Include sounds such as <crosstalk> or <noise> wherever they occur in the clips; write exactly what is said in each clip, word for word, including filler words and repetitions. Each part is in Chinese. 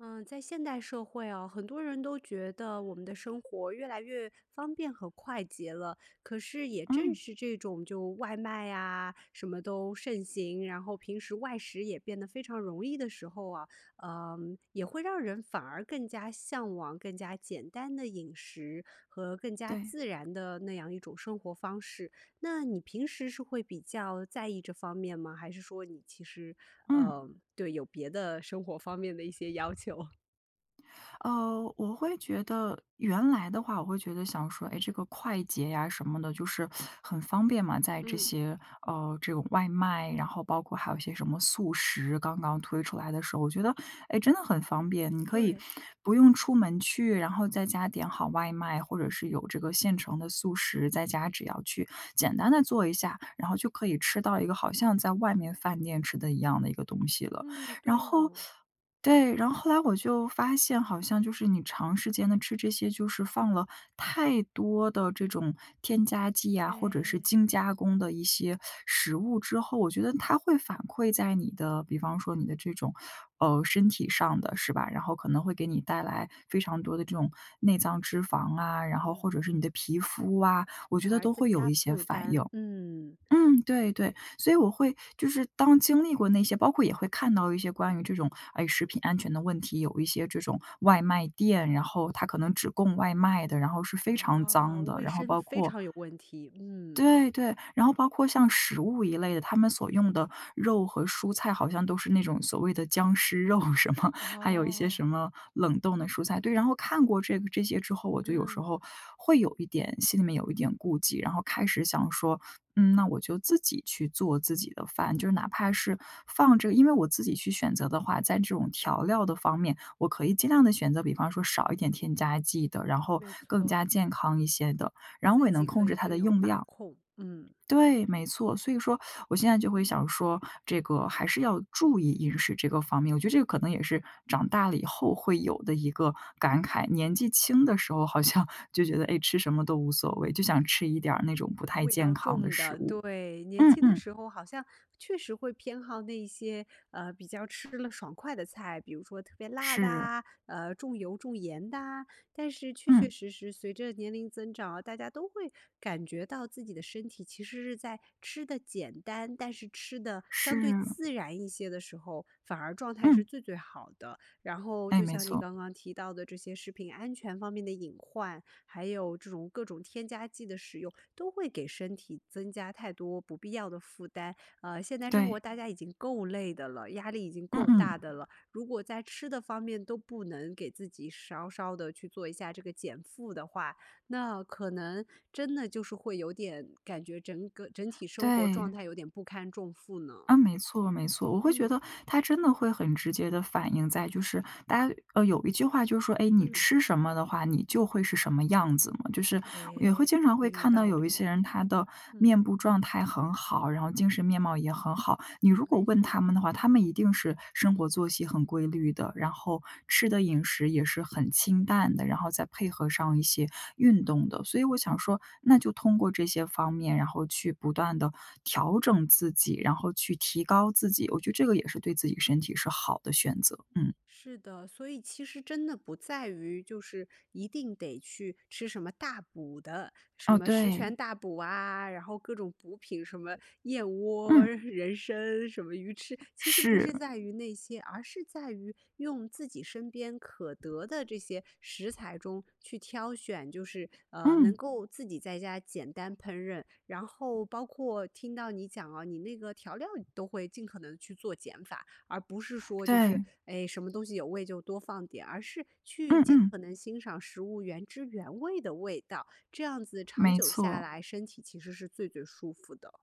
嗯，在现代社会啊，很多人都觉得我们的生活越来越方便和快捷了。可是也正嗯。是这种就外卖呀，什么都盛行，然后平时外食也变得非常容易的时候啊，呃，也会让人反而更加向往更加简单的饮食，和更加对。自然的那样一种生活方式。那你平时是会比较在意这方面吗？还是说你其实，嗯。呃对，有别的生活方面的一些要求？呃，我会觉得原来的话，我会觉得想说，哎，这个快捷呀什么的就是很方便嘛，在这嗯。些，呃，这种外卖，然后包括还有一些什么速食，刚刚推出来的时候。我觉得，哎，真的很方便。你可以对。不用出门去，然后在家点好外卖，或者是有这个现成的速食，在家只要去简单地做一下，然后就可以吃到一个好像在外面饭店吃的一样的一个东西了。嗯，然对后呢。对，然后后来我就发现好像就是你长时间的吃这些，就是放了太多的这种添加剂呀或者是哎。精加工的一些食物之后，我觉得它会反馈在你的，比方说你的这种，呃，身体上的是吧？然后可能会给你带来非常多的这种内脏脂肪啊，然后嗯。或者是你的皮肤啊，我觉反得而都增会有加一些负反担，应。嗯。嗯，对对，所以我会就是当经历过那些，包括也会看到一些关于这种，哎食品安全的问题，有一些这种外卖店，然后它可能只供外卖的，然后是非常啊，脏的。卫然后生包非括常有问题，嗯。对对，然后包括像食物一类的，他们所用的，肉和蔬菜好像都是那种所谓的僵尸肉什么，还有一些哦。什么，冷冻的蔬菜，对。然后看过这个这些之后，我就有时嗯。候会有一点心里面有一点顾忌。然后开始想说，嗯，那我就自己去做自己的饭，就是哪怕是放着因为我自己去选择的话，在这种调料的方面，我可以尽量地选择比方说少一点添加剂的，然后没更错。加健康一些的，然后我自也能己控可以制它更的有用把量控，嗯。对，没错，所以说我现在就会想说，这个还是要注意饮食这个方面。我觉得这个可能也是，长大了以后会有的一个感慨，年纪轻的时候好像就觉得，哎，吃什么都无所谓，就想吃一点儿那种不太味健道康的重食的，物。对，年嗯轻的嗯。时候好像确实会偏好那些，呃，比较吃了爽快的菜。比如说特别辣的是。啊，呃，重油重盐的啊，但是确确嗯。实实随着年龄增长，大家都会感觉到自己的身体其实是在吃得简单，但是吃得相对是。自然一些的时候，反而状态是嗯。最最好的。然后哎，就没像你错。刚刚提到的，这些食品安全方面的隐患，还有这种各种添加剂的使用，都会给身体增加太多不必要的负担。呃，现在生活对。大家已经够累的了，压力已经嗯够大嗯。的了，如果在吃的方面都不能给自己稍稍地去做一下这个减负的话，那可能，真的就是会有点感觉整个整体生活状对。态有点不堪重负呢。啊，没错没错。我会觉嗯。得它真的会很直接地反映在就是大家呃，有一句话就是说，“哎，你嗯。吃什么的话，你就会是什么样子嘛”。就是也会哎，经常很会有看到道有一理，些人他的嗯。面部状态很好，然后精神面貌也很好。你如果没问错。他们的话，他们一定是，生活作息很规律的，然后吃的饮食也是很清淡的，然后再配合上一些运动的。所以我想说，那就通过这些方面，然后去不断地调整自己，然后去提高自己。我觉得这个也是对自己身体是好的选择。嗯。是的，所以其实真的不在于就是一定得去吃什么大补的，什哦，么食对。全大补啊，然后各种补品，什么燕窝，嗯。人参、什么鱼翅。其实不是是。在于那些，而是在于用自己身边可得的这些食材中去挑选，就是，呃，能嗯。够自己在家简单烹饪。然后包括听到你讲啊，你那个调料都会尽可能去做减法，而不是说就是，对。哎什么东西有味就多放点儿，而是去嗯尽嗯。可能欣赏食物原汁原味的味道。这样子长没久下错。来身体其实是最最舒服的。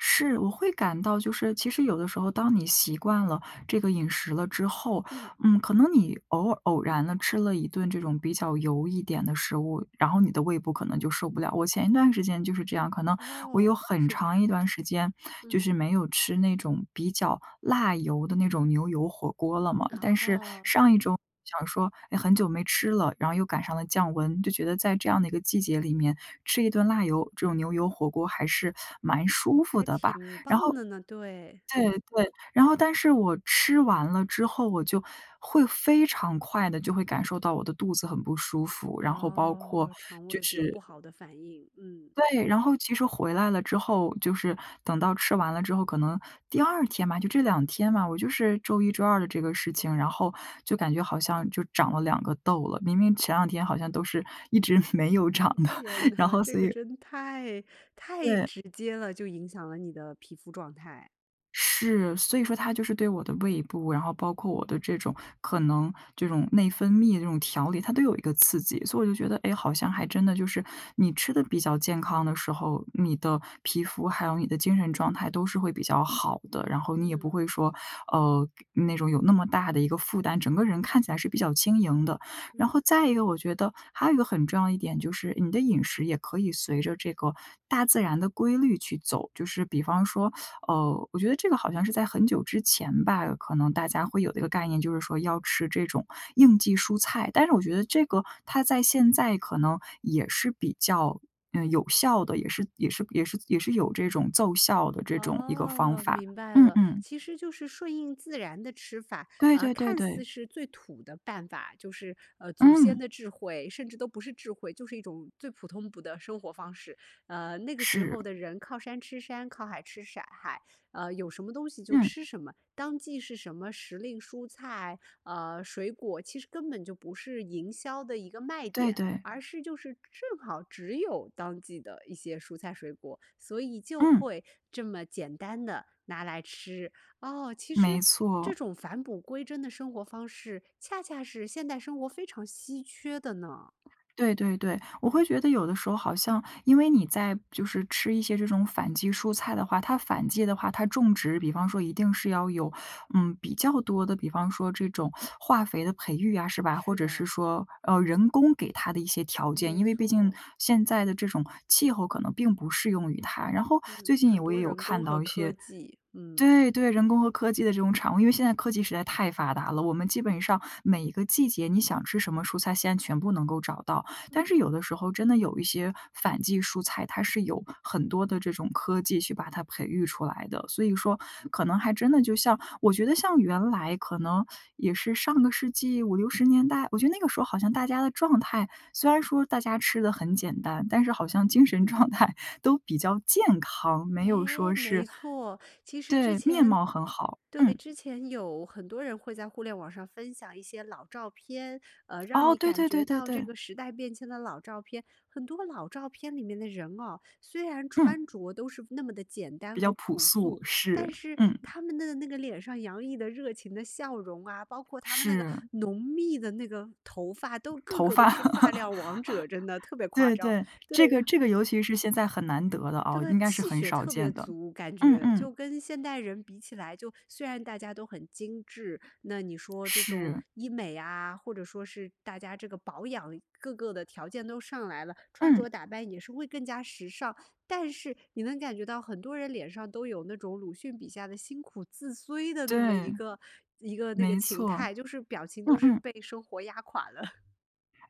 是，我会感到就是其实有的时候，当你习惯了这个饮食了之后，嗯。嗯，可能你偶尔偶然地吃了一顿这种比较油一点的食物，然后你的胃部可能就受不了。我前一段时间就是这样，可能我有哦，很是长一吧。段时间，就嗯。是没有吃那种比较辣油的那种牛油火锅了嘛。但是哦。上一周想说也很久没吃了，然后又赶上了降温，就觉得在这样的一个季节里面吃一顿辣油这种牛油火锅还是蛮舒服还的吧。挺然棒后的呢，对。对对，然后但是我吃完了之后，我就会非常快的就会感受到我的肚子很不舒服，然后包括哦，肠就胃有不是好的反应，嗯。对，然后其实回来了之后，就是等到吃完了之后，可能第二天吧，就这两天吧，我就是周一周二的这个事情，然后，就感觉好像就长了两个痘了，明明前两天好像都是一直没有长的，天然哪，后这所个以真太太对。直接了，就影响了你的皮肤状态。是，所以说它就是对我的胃部，然后包括我的这种可能，这种内分泌这种调理，它都有一个刺激。所以我就觉得，哎好像还真的就是，你吃得比较健康的时候，你的皮肤还有你的精神状态都是会比较好的。然后你也不嗯。会说，呃，那种有那么大的一个负担，整个人看起来是比较轻盈的。然嗯。后再一个我觉得，还有一个很重要一点就是，你的饮食也可以随着这个大自然的规律去走。就是比方说呃，我觉得这个好像是在很久之前吧，可能大家会有这个概念，就是说要吃这种”应季蔬菜“。但是我觉得这个它在现在可能，也是比较，嗯，有效的，也是也是也是也是有这种奏效的这种一个方哦，法。明白嗯了，嗯。其实就是顺应自然的吃法，对啊对对看似对。是最土的办法，就是呃祖先嗯。的智慧，甚至都不是智慧，就是一种最普通普的生活方式，呃，那个时是。候的人靠山吃山，靠海吃骰海，呃，有什么东西就嗯。吃什么，当季是什么时令蔬菜，呃，水果其实根本就不是营销的一个卖对点，对。而是就是正好只有当季的一些蔬菜水果，所以就嗯。会，这么简单地拿来吃，哦，其实，没这错。种返璞归真的生活方式恰恰是现代生活非常稀缺的呢。对对对，我会觉得有的时候好像因为你在就是吃一些这种反季蔬菜的话，它反季的话，它种植比方说一定是要有，嗯，比较多的，比方说这种化肥的培育啊，是吧？或是者是的。说，呃，人工给它的一些条件，没因为毕竟，错。现在的这种气候可能并不适用于它。然后嗯，最近也很我也多有人工看和到一科些技，嗯。对对人工和科技的这种产物。因为现在科技实在太发达了，我们基本上，每一个季节你想吃什么蔬菜，现在全部能够找到。但是有的时候真的有一些反季蔬菜，它是由很多的这种科技去把它培育出来的。所以说，可能还真的就像我觉得像原来可能也是上个世纪五六十年代，我觉得那个时候好像大家的状态虽然说大家吃得很简单，但是好像精神状态都比较健康，没有哎，说是没错。其实之对，面前貌很好，对，嗯。之前有很多人会在互联网上分享一些老照片，呃，让哦，你对感对对觉对到这对。个时代变迁的老照片，很多老照片里面的人哦，虽然嗯。穿着都是那么的简单比较和朴朴素，素，是，但是嗯。他们的那个脸上洋溢的热情的笑容啊，包括他们那个是。浓密的那个头发，都个头个都发。是发料 <laughs> 王者，真的特别夸对张，对，对。这个这个尤其是现在很难得的啊，对，应该是气很血少特别见的，足感嗯觉，嗯。就跟现代人比起来，就虽然大家都很精致，那你说这种是。医美啊，或者说是大家这个保养各个的条件都上来了，穿着嗯。打扮也是会更加时尚，但是，你能感觉到很多人脸上都有那种鲁迅笔下的辛苦自摧的那么一对。个一个那个没形错。态，就是表情嗯都是嗯。被生活压垮的。<laughs>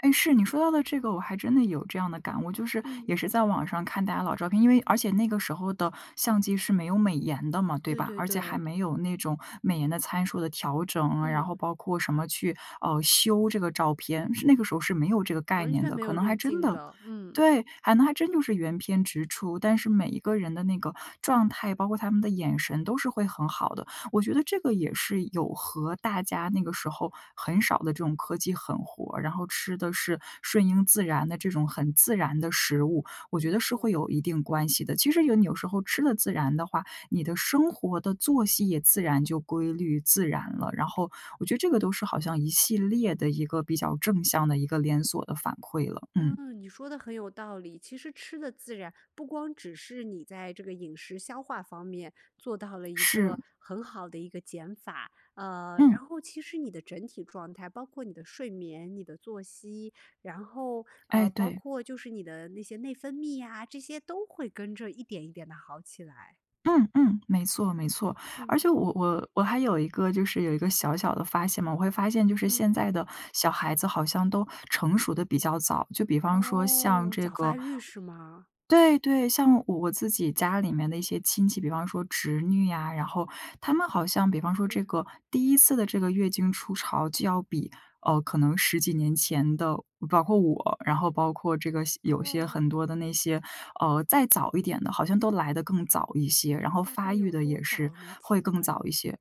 诶，是。你说到的这个我还真的有这样的感悟，就是嗯。也是在网上看大家老照片，因为而且那个时候的相机是没有美颜的嘛，对对吧？对而且还对。没有那种美颜的参数的调整，然后嗯。包括什么去，呃，修这个照片，是那个时候是没有这个概完念全的。没可有能滤还真镜的的，嗯。对，还能还真就是原片直出。但是每一个人的那个状态，包括他们的眼神都是会很好的。我觉得这个也是有和大家那个时候很少的这种科技狠活儿，然后吃的是顺应自然的这种很自然的食物，我没觉得是错儿。会有一定关系的。其实有你有时候吃得自然的话，你的生活的作息也自然就规律、自然了，然后，我觉得这个都是好像一系列的一个比较正向的一个连锁的反馈了，嗯。嗯，你说得很有道理。其实吃得自然，不光只是你在这个饮食消化方面做到了一个是。很好的一个减法。呃，嗯。然后其实你的整体状态，包括你的睡眠、你的作息，然后，呃，哎，包对。括就是你的那些内分泌呀，这些都会跟着一点，一点地好起来。嗯嗯。没错没错。而嗯。且我我我还有一个就是有一个小小的发现嘛，我会发现就是现嗯。在的小孩子好像都成熟得比较早。就比方说像哦，这早发个育是吗？对对。像我我自己家里面的一些亲戚，比方说侄女啊，然后她们好像比方说这是。个第一次的这个月经初潮就要比，呃，可能十几年前的包括我，然后包括这个些有些哦。很多的那些，呃，再早一点的，好像都来得更早一些，然后大概发育有得多也是早呢？会请更问？早一些。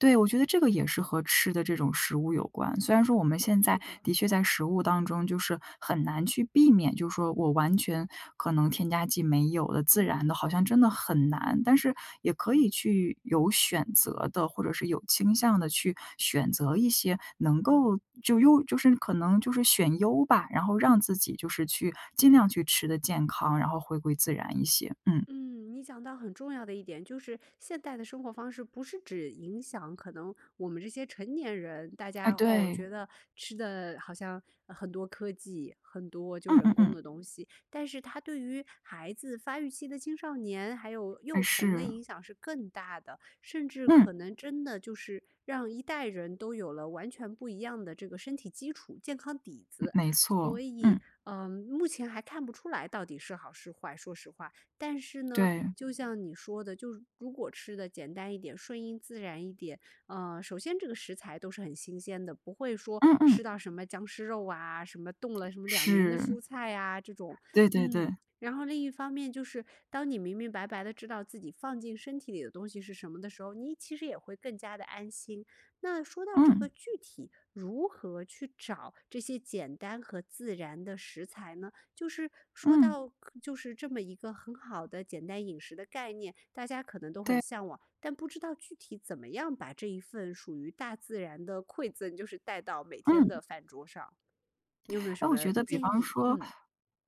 对，我觉得这个也是和吃的这种食物有关。虽然说我们现是在的。的确在食物当中就是很难去避免，就说我完全可能添加剂没有的，自然嗯。的好像真的很难。但是也可以去有选择地，或者是有倾向地去选择一些能够就优就是可能就是选优吧，然后让自己就是去尽量去吃得健康，然后回归自然一些，嗯。嗯，你讲到很重要的一点，就是现代的生活方式不是只影响可能我们这些成年人，大哎，家，哦，觉对。得吃的好像，嗯，很多科技，很多就嗯人嗯工嗯。的东西。但是它对于孩子、发育期的青少年、还有哎，幼童的是。影响是更大的，甚至嗯。可能真的就是让一代人都有了完全不一样的这个身体基础、健康底嗯，子。没所错，以，嗯。嗯，目前还看不出来到底是好是坏，说实话。但是呢，对。就像你说的，就如果吃得简单一点、顺应自然一点，嗯，首先这个食材都是很新鲜的，不会说嗯嗯。吃到什么僵尸肉啊，什么冻了什么两年的是。蔬菜呀这种。对对嗯，对。然后另一方面就是，当你明明白白地知道自己放进身体里的东西是什么的时候，你其实也会更加地安心。那说到这个嗯。具体如何去找这些简单和自然的食材呢？就是说嗯。到可就是这么一个很好的简单饮食的概念，大家可能都很对。向往，但不知道具体怎么样把这一份属于大自然的馈赠就是带到每天的嗯。饭桌上。你有没有什诶，我觉么得比建方议？说嗯。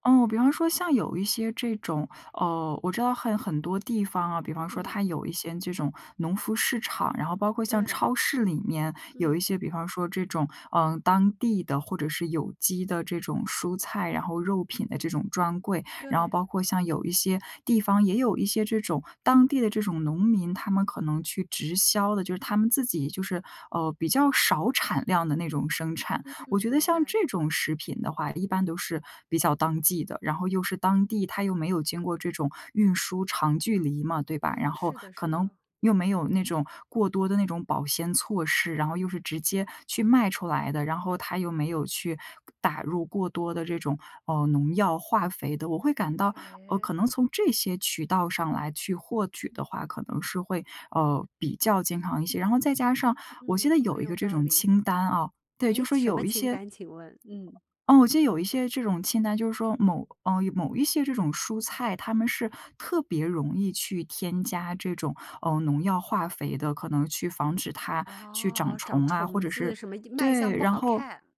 嗯，比方说像有一些这种，呃，我知道很很多地方啊，比方说它嗯。有一些这种农夫市场，然后包括像对。超市里面有嗯。一些，比方说这种，嗯，当地的或者是有机的这种蔬菜，然后肉品的这种专柜。然后对。包括像有一些地方也有一些这种，当地的这种农民，他们可能去直销的。就是他们自己就是，呃，比较少产量的那种生产。嗯，我觉得明像白。这种食品的话一般都是比较当季的，然后又是当地，它又没有经过这种运输长距离嘛，对吧。然啊，后是的可是能的。又没有那种过多的那种保鲜措施，然后又是直接去卖出来的。然后它又没有去打入过多的这种，嗯，农药化肥的。我会感到，呃，诶？可能从这些渠道上来去获取的话，可能是会，呃，比较健康一些。然后再加上我记嗯，得有很一有个这道种理。清单啊，对，就诶，说什么有一清些单，请问？嗯。嗯，我记得有一些这种清单，就是说某嗯，有某一些这种蔬菜，它们是特别容易去添加这种，呃，农药化肥的。可能去防止它去长哦，长虫啊，或虫者子，是什么一卖相对，不然好后看。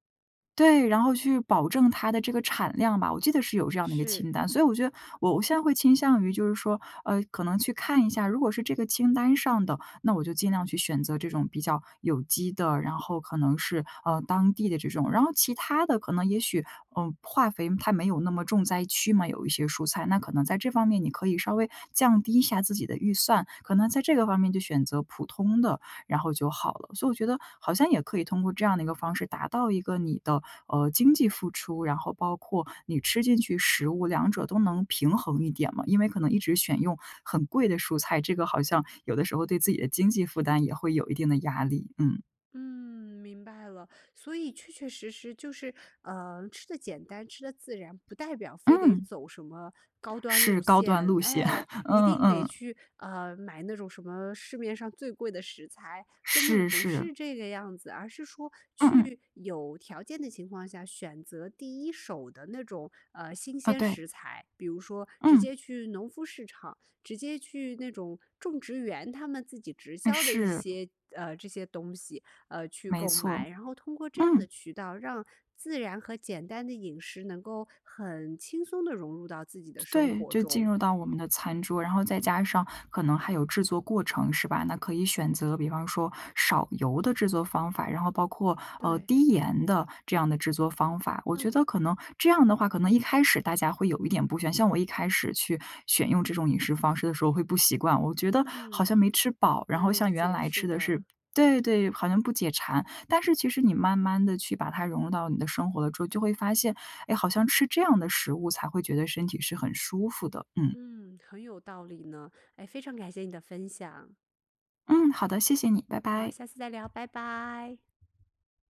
对，然后去保证它的这个产量吧，我记得是有这样的一个是。清单。所以我觉得我我现在会倾向于就是说，呃，可能去看一下，如果是这个清单上的，那我就尽量去选择这种比较有机的，然后可能是，嗯，当地的这种。然后其它的可能也许，嗯，化肥它没有那么重灾区嘛，有一些蔬菜，那可能在这方面你可以稍微降低一下自己的预算，可能在这个方面就选择普通的，然后就好了。所以我觉得好像也可以通过这样的一个方式，达到一个你的，呃，经济付出，然后包括你吃进去食物，两者都能平衡一点嘛。因为可能一直选用很贵的蔬菜，这个好像有的时候对自己的经济负担也会有一定的压力，嗯。嗯，明白了，所以确确实实就是，呃，吃得简单、吃得自然，不代表非得嗯。走什么高端是路高端线，路线，哎，<chuckles> 一嗯定得嗯。去，呃，买那种什么市面上最贵的食材，根本是不是。是这个样子，而是说嗯嗯。去，有条件的情况下选择，第一手的那种，呃，新哦，鲜对。食材，比如说直嗯。接去农夫市场，直接去那种种植园他们自己直销的一嗯，是。些，呃，这些东西，呃，去没购买，错。然后通过这样的嗯。渠道，让自然和简单的饮食能够很轻松地融入到自己的生对，活就进中。入到我们的餐桌，然后再加上，可能还有制作过程是吧，那可以选择比方说，少油的制作方法，然后包括，呃，对。低盐的，这样的制作方法。我觉嗯。得可能这样的话，可能一开始大家会有一点不喜欢像我一开始去，选用这种饮食方式的时候会不习惯，我觉得嗯，好像没吃饱，然能后像理原解，来是吃的的。是对对对，好像不解馋，但是其实你慢慢地去把它融入到你的生活的时候，就会发现，哎，好像吃这样的食物才会觉得身体是很舒服的。嗯。嗯，很有道理呢，唉，非常感谢你的分享。嗯，好的，谢谢你，拜好，拜。下次再聊，拜拜。